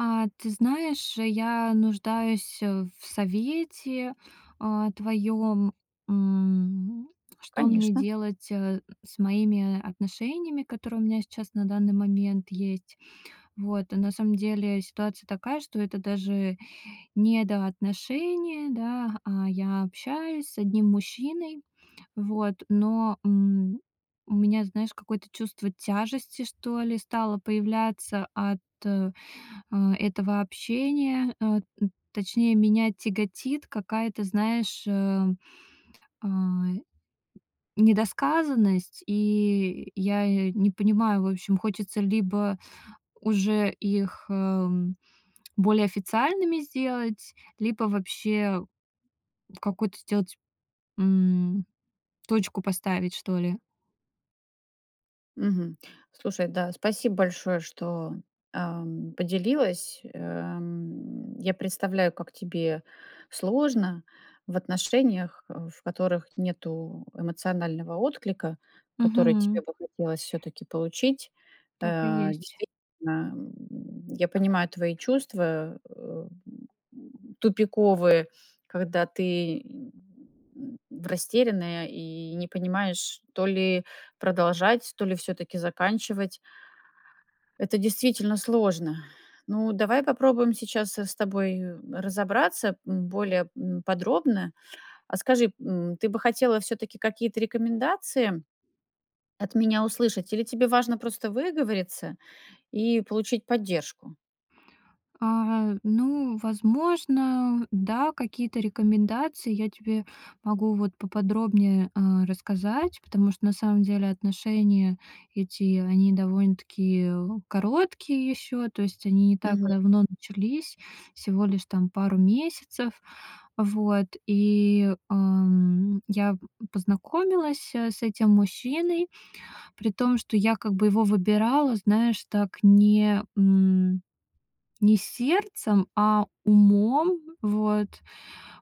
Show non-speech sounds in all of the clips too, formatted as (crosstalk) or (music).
А, ты знаешь, я нуждаюсь, э, в совете, а, твоём. М, что мне Конечно. делать, э, с моими отношениями, которые у меня сейчас на данный момент есть. Вот. Э, на самом деле ситуация такая, что это даже недоотношения, да, а я общаюсь с одним мужчиной, вот, но, м, у меня, знаешь, какое-то чувство тяжести, что ли, стало появляться от, э, этого общения. Э, т точнее, меня тяготит какая-то, знаешь, э, а, недосказанность. И я я не понимаю, в общем, хочется либо уже их, эм, более официальными сделать, либо вообще какую-то сделать, м, точку поставить, что ли. Мгм. Слушай, да, спасибо большое, что, эм, поделилась. Эм, я представляю, как тебе сложно в отношениях, э, в которых нету эмоционального отклика, который тебе Мгм. бы хотелось всё-таки получить. Так и А, есть. действительно, м, я понимаю твои чувства, э, м, м, тупиковые, когда ты, (grunts) растерянная и не понимаешь, то ли продолжать, то ли всё-таки заканчивать. Это действительно сложно. Ну, давай попробуем сейчас, э, с тобой разобраться, м, более, м, подробно. А скажи, м, ты бы хотела всё-таки какие-то рекомендации от меня услышать или тебе важно просто выговориться и получить поддержку? А, ну, возможно, да, какие-то рекомендации я тебе могу вот поподробнее, а, рассказать, потому что на самом деле, отношения эти, они довольно-таки короткие ещё. То есть они не так Мгм. давно начались, всего лишь, там, пару месяцев. Вот. И, эм, я познакомилась, э, с этим мужчиной, при том, что я как бы его выбирала, знаешь, так, не, м не сердцем, а умом, вот.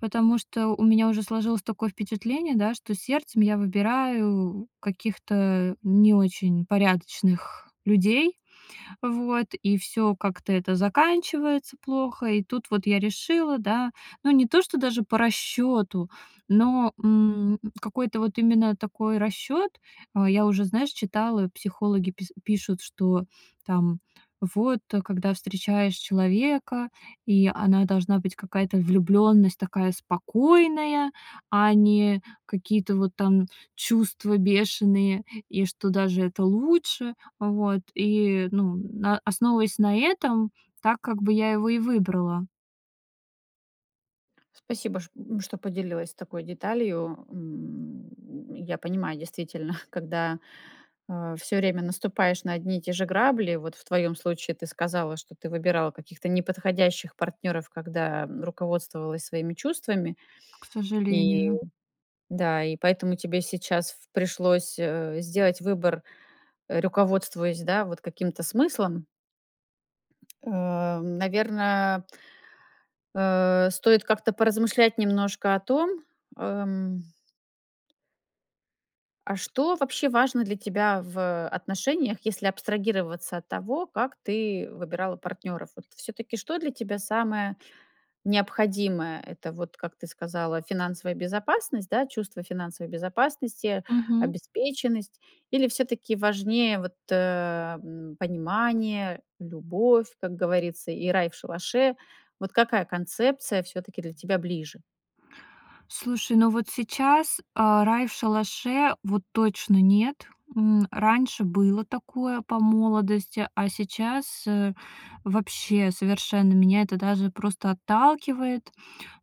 Потому что у меня уже сложилось такое впечатление, да, что сердцем я выбираю каких-то не очень порядочных людей, вот, и всё как-то это заканчивается плохо. И тут вот я решила, да ну не то что даже по расчёту, но, м, какой-то вот именно такой расчёт э, я уже, знаешь, читала, психологи пис пишут, что, там, вот, э, когда встречаешь человека, и она должна быть какая-то влюбленность такая спокойная, а не какие-то вот там чувства бешеные и что даже это лучше. Вот, и, ну, на основываясь на этом, так как бы я его и выбрала. Спасибо, ш э, что поделилась такой деталью. М, я понимаю, действительно, когда, а, всё время наступаешь на одни и те же грабли, вот в твоём случае, ты сказала, что ты выбирала каких-то неподходящих партнёров, когда, м, руководствовалась своими чувствами, К и, сожалению. да, и поэтому тебе сейчас пришлось, э, сделать выбор, э, руководствуясь, да, вот каким-то смыслом. (tsk) Э, наверно, э, стоит как-то поразмышлять немножко о том, э, м а что вообще важно для тебя в отношениях, если абстрагироваться от того, как ты выбирала партнёров. Вот всё-таки что для тебя самое необходимое? Это вот, как ты сказала, финансовая безопасность, да, чувство финансовой безопасности, Мгм. обеспеченность? Или всё-таки важнее вот, э, м, понимание, любовь, как говорится, и рай в шалаше? Вот какая концепция всё-таки для тебя ближе? Слушай, ну вот сейчас, а, рай в шалаше, вот точно нет. М, раньше было такое по молодости, а сейчас, э, вообще, совершенно меня это даже просто отталкивает.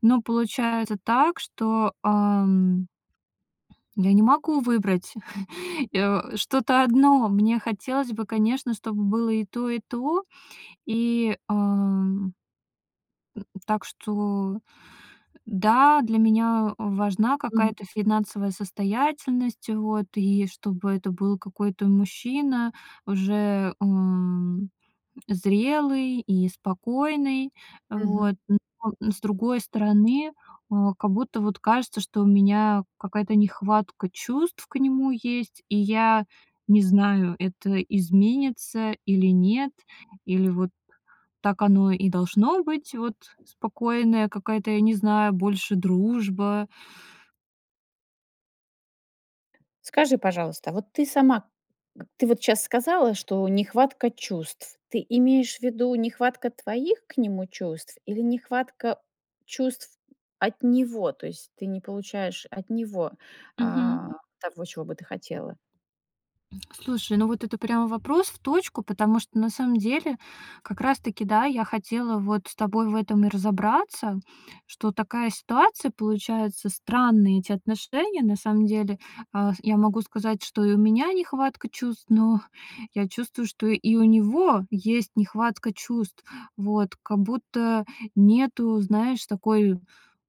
Но получается так, что, ам я не могу выбрать, (chuckles) и, э, что-то одно. Мне хотелось бы, конечно, чтобы было и то, и то. И, ам э, так что, да, для меня важна Мгм. какая-то финансовая состоятельность, вот, и чтобы это был какой-то мужчина уже, м, зрелый и спокойный. Мгм. Вот. Но с другой стороны, а, как будто вот кажется, что у меня какая-то нехватка чувств к нему есть. И я не знаю, это изменится или нет, или вот так оно и должно быть, вот, спокойная какая-то, я не знаю, больше дружба. Скажи, пожалуйста, а вот ты сама к ты вот щас сказала, что нехватка чувств. Ты имеешь в виду нехватка твоих к нему чувств или нехватка чувств от него? То есть ты не получаешь от него, Мгм. а, того, чего бы ты хотела? Слушай, ну вот это прямо вопрос в точку. Потому что на самом деле как раз таки, да, я хотела вот с тобой в этом и разобраться, что такая ситуация получается, странные эти отношения на самом деле. А, я могу сказать, что и у меня нехватка чувств, но я чувствую, что и у него есть нехватка чувств. Вот, как будто нету, знаешь, такой,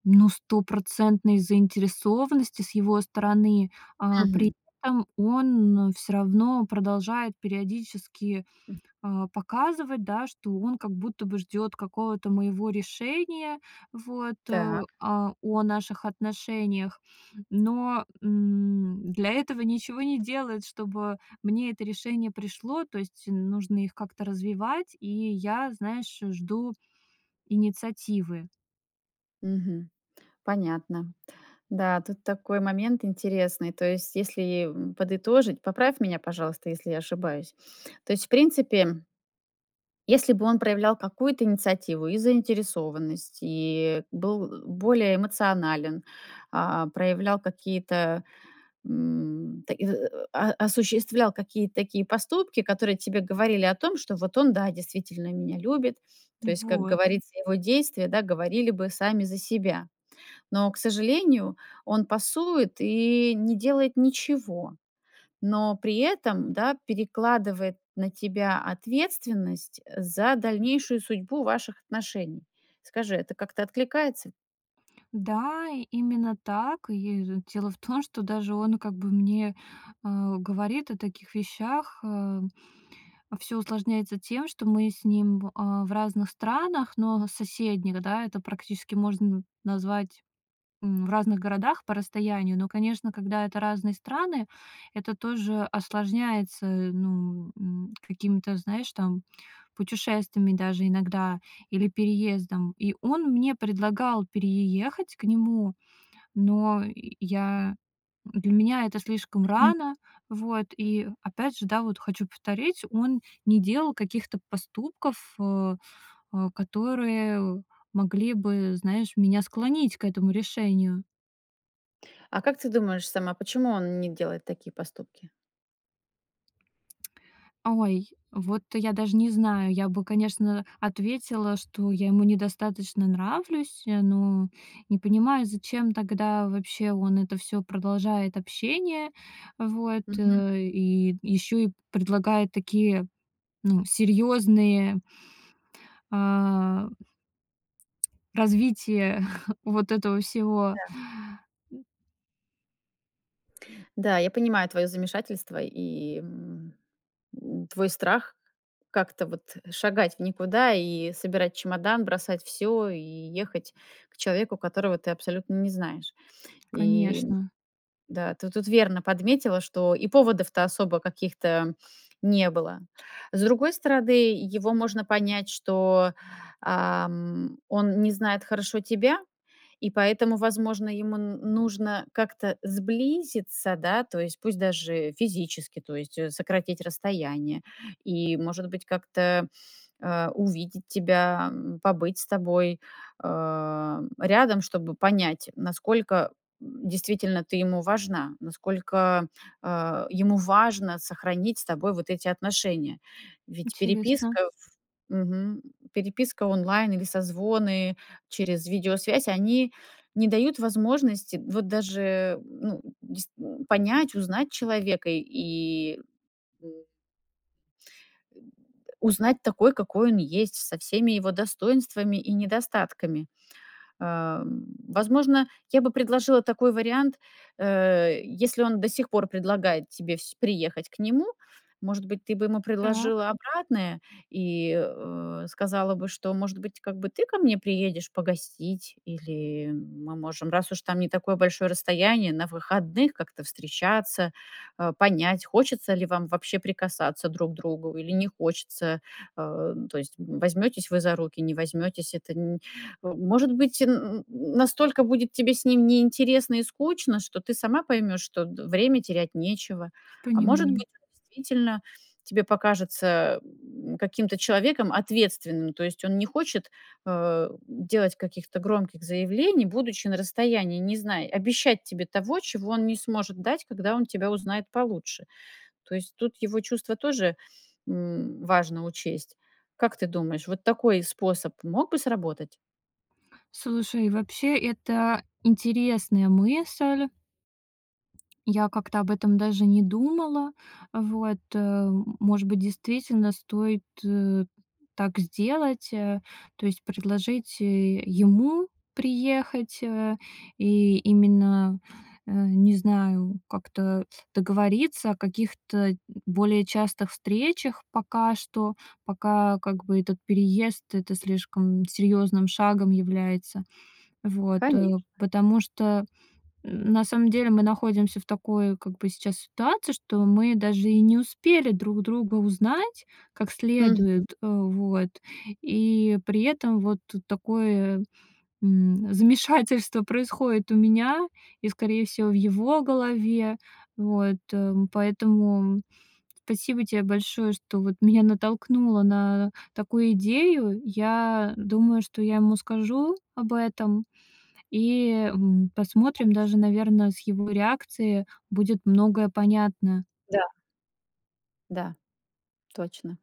ну, стопроцентной заинтересованности с его стороны. А, при Мгм. этом он всё равно продолжает периодически, М. а, показывать, да, что он как будто бы ждёт какого-то моего решения, вот, а, Так. а, о наших отношениях. Но, м, для этого ничего не делает, чтобы мне это решение пришло. То есть нужно их как-то развивать, и я, знаешь, э, жду инициативы. Мгм. Понятно. Да, тут такой момент интересный. То есть, если, м, подытожить, поправь меня, пожалуйста, если я ошибаюсь. То есть, в принципе если бы он проявлял какую-то инициативу и заинтересованность, и был, э, более эмоционален, а, проявлял какие-то, м, так и и а а осуществлял какие-то такие поступки, которые тебе говорили о том, что вот он, да, действительно меня любит. То есть, как Вот. говорится, его действия, да, говорили бы сами за себя. Но, к сожалению, он пасует и не делает ничего, но при этом, да, перекладывает на тебя ответственность, э, за дальнейшую судьбу ваших отношений. Скажи, это как-то откликается? Да, именно так. И, д дело в том, что даже он как бы мне, э, говорит о таких вещах, э. Всё усложняется тем, что мы с ним в, э, в разных странах, но в соседних, да, это практически можно назвать, м, в разных городах по расстоянию. Но, конечно, когда это разные страны, это тоже осложняется, ну, м, какими-то, знаешь, там, путешествиями даже иногда или переездом. И он мне предлагал переехать к нему, но я для меня это слишком Мгм. рано. Вот. И опять же, да, вот хочу повторить, он не делал каких-то поступков, э, э, которые могли бы, знаешь, меня склонить к этому решению. А как ты думаешь сама, почему он не делает такие поступки? Ой, вот я даже не знаю. Я бы, конечно, ответила, что я ему недостаточно нравлюсь, э, но не понимаю, зачем тогда вообще он это всё продолжает общение. Вот, Мгм. э, и ещё и предлагает такие, ну, серьёзные а развитие (chuckles) вот этого всего. Да. Да, я понимаю твоё замешательство и, м, м, твой страх как-то вот шагать в никуда и собирать чемодан, бросать всё и ехать к человеку, которого ты абсолютно не знаешь. И Конечно. да, ты тут верно подметила, что и поводов-то особо каких-то не было. С другой стороны, его можно понять, что, ам, он не знает хорошо тебя, и поэтому, возможно, ему н нужно как-то сблизиться, да, то есть пусть даже физически, то есть, э, сократить расстояние и, может быть, как-то, э, увидеть тебя, м, побыть с тобой, э, рядом, чтобы понять, насколько, м, действительно ты ему важна. Насколько, э, ему важно сохранить с тобой вот эти отношения. Ведь Интересно. переписка, в мгм. Переписка онлайн или созвоны через видеосвязь, они не дают возможности вот даже, ну, дейст понять, узнать человека и э узнать такой, какой он есть, со всеми его достоинствами и недостатками. Э, м, возможно, я бы предложила такой вариант, э, если он до сих пор предлагает тебе сь приехать к нему, может быть, ты бы ему Так. предложила обратное и, э, сказала бы, что, может быть, как бы ты ко мне приедешь погостить, или мы можем, раз уж там не такое большое расстояние, на выходных как-то встречаться, э, понять, хочется ли вам вообще прикасаться друг к другу или не хочется. Э, то есть возьмётесь вы за руки, не возьмётесь- это н э, может быть, (grunts) настолько будет тебе с ним неинтересно и скучно, что ты сама поймёшь, что д время терять нечего. А может Понимаю. быть и, действительно, тебе покажется, м, каким-то человеком ответственным. То есть он не хочет, э, делать каких-то громких заявлений, будучи на расстоянии, не зная, обещать тебе того, чего он не сможет дать, когда он тебя узнает получше. То есть тут его чувства тоже, м, важно учесть. Как ты думаешь, вот такой способ мог бы сработать? Слушай, вообще это интересная мысль, я как-то об этом даже не думала. Вот, э. Может быть, действительно стоит, э, так сделать, э? То есть предложить, э, ему приехать, э, и именно, э, не знаю, как-то договориться о каких-то более частых встречах. Пока что, пока, как бы, этот переезд- это слишком серьёзным шагом является. Вот, э. Конечно. Потому что, на самом деле, мы находимся в такой, как бы, сейчас ситуации, что мы даже и не успели друг друга узнать как Мгм. следует, э, вот. И при этом вот такое, м, замешательство происходит у меня и, скорее всего, в его голове. Вот, эм. Поэтому спасибо тебе большое, что, вот, меня натолкнуло на такую идею. Я думаю, что я ему скажу об этом и, м, посмотрим, Конечно. даже, наверное, с его реакцией будет многое понятно. Да. Да. Точно.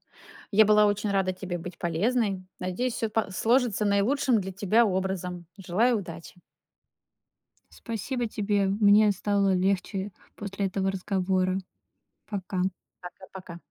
Я была очень рада тебе быть полезной. Надеюсь, всё па сложится наилучшим для тебя образом. Желаю удачи. Спасибо тебе. Мне стало легче после этого разговора. Пока. Пока, пока.